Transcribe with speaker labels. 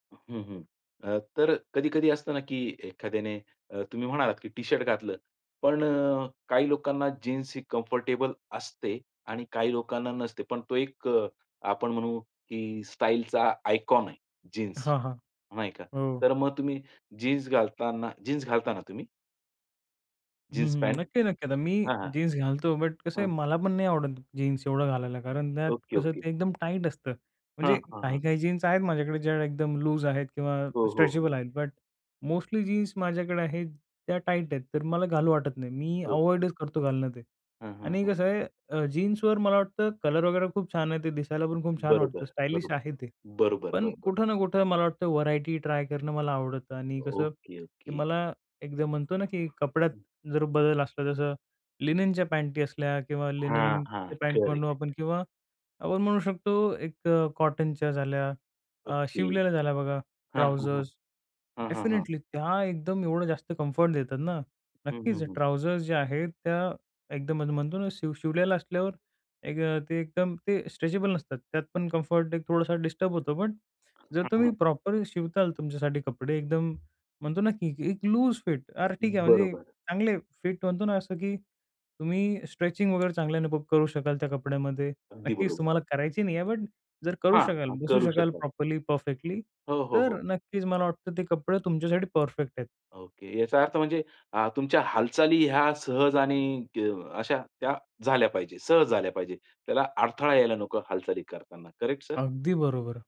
Speaker 1: हं, हं. अ, तर कधी-कधी असतं ना की एखाद्याने अ, तुम्ही म्हणालात की टी-शर्ट घातलं. पण अ, काही लोकांना जीन्स ही कम्फर्टेबल असते आणि काही लोकांना नसते. पण तो एक अ, आपण म्हणू की स्टाईलचा आयकॉन आहे जीन्स
Speaker 2: हां, हां.
Speaker 1: नाही का?
Speaker 2: हो.
Speaker 1: तर मग तुम्ही जीन्स घालताना जीन्स घालता ना तुम्ही?
Speaker 2: हं,
Speaker 1: जीन्स
Speaker 2: हं.
Speaker 1: पॅन्ट.
Speaker 2: नक्की-नक्की. आता मी
Speaker 1: हां, हां.
Speaker 2: जीन्स घालतो बट कसं आहे
Speaker 1: हं.
Speaker 2: मला पण नाही आवडत जीन्स एवढं घालायला, कारण त्यात
Speaker 1: ओके,
Speaker 2: कसं
Speaker 1: ओके.
Speaker 2: ते एकदम टाईट असतं.
Speaker 1: हां,
Speaker 2: म्हणजे
Speaker 1: हां, हां.
Speaker 2: काही-काही जीन्स आहेत माझ्याकडे ज्या एकदम लूज आहेत किंवा
Speaker 1: हो, हो.
Speaker 2: स्ट्रेचेबल आहेत. बट मोस्टली जीन्स माझ्याकडे आहे त्या टाईट आहेत. तर मला घालू वाटत नाही मी
Speaker 1: ओके.
Speaker 2: अव्हॉइडच करतो घालणं ते
Speaker 1: हं, हं,
Speaker 2: आणि
Speaker 1: हं.
Speaker 2: कसं आहे अ, जीन्सवर मला वाटतं कलर वगैरे खूप छान आहे. ते दिसायला पण खूप छान वाटतं,
Speaker 1: बरोबर,
Speaker 2: स्टायलिश
Speaker 1: बरोबर,
Speaker 2: आहे ते.
Speaker 1: बरोबर,
Speaker 2: पण
Speaker 1: बरोबर.
Speaker 2: कुठं ना कुठं मला वाटतं व्हरायटी ट्राय करणं मला आवडतं आणि कसं
Speaker 1: ओके,
Speaker 2: की
Speaker 1: ओके.
Speaker 2: मला एकदा म्हणतो ना की कपड्यात
Speaker 1: हं.
Speaker 2: जर बदल असला जसं लिननच्या पॅन्टी असल्या किंवा
Speaker 1: हां, हां.
Speaker 2: लिननचे पॅन्ट म्हणू
Speaker 1: करेक्ट.
Speaker 2: आपण किंवा आपण म्हणू शकतो एक अ, कॉटनच्या झाल्या. अ,
Speaker 1: ओके.
Speaker 2: शिवलेल्या झाल्या बघा
Speaker 1: हां, हां, हां.
Speaker 2: ट्राउझर्स
Speaker 1: हां, हां, हां.
Speaker 2: डेफिनिटली त्या एकदम एवढं जास्त कम्फर्ट देतात ना.
Speaker 1: हं, हं,
Speaker 2: नक्कीच
Speaker 1: हं.
Speaker 2: ट्राउझर्स जे आहेत त्या एकदम म्हणतो ना शिव शिवलेल्या असल्यावर एक अ, ते एकदम ते स्ट्रेचेबल नसतात त्यात पण कम्फर्ट एक थोडासा डिस्टर्ब होतो पण जर
Speaker 1: हं,
Speaker 2: तुम्ही
Speaker 1: हं.
Speaker 2: प्रॉपर शिवणार तुमच्यासाठी कपडे एकदम म्हणतो ना की ए-एक लूज फिट "अरे ठीक आहे" म्हणजे
Speaker 1: बरोबर.
Speaker 2: चांगले फिट म्हणतो ना असं की तुम्ही स्ट्रेचिंग वगैरे चांगल्याने करू शकाल त्या कपड्यामध्ये.
Speaker 1: अगदी
Speaker 2: नक्कीच
Speaker 1: बरोबर.
Speaker 2: तुम्हाला करायची नाहीये बट जर करू शकाल
Speaker 1: हां.
Speaker 2: बसू
Speaker 1: करू
Speaker 2: शकाल
Speaker 1: शकतात.
Speaker 2: प्रॉपरली परफेक्टली
Speaker 1: हो, हो,
Speaker 2: तर
Speaker 1: हो.
Speaker 2: नक्कीच मला वाटतं ते कपडे तुमच्यासाठी परफेक्ट आहेत.
Speaker 1: ओके. याचा अर्थ अ, म्हणजे अ, तुमच्या हालचाली ह्या सहज आणि अ, अशा त्या झाल्या पाहिजेत. सहज झाल्या पाहिजेत. त्याला अडथळा यायला नको हालचाली करतांना, करेक्ट सर?
Speaker 2: अगदी बरोबर.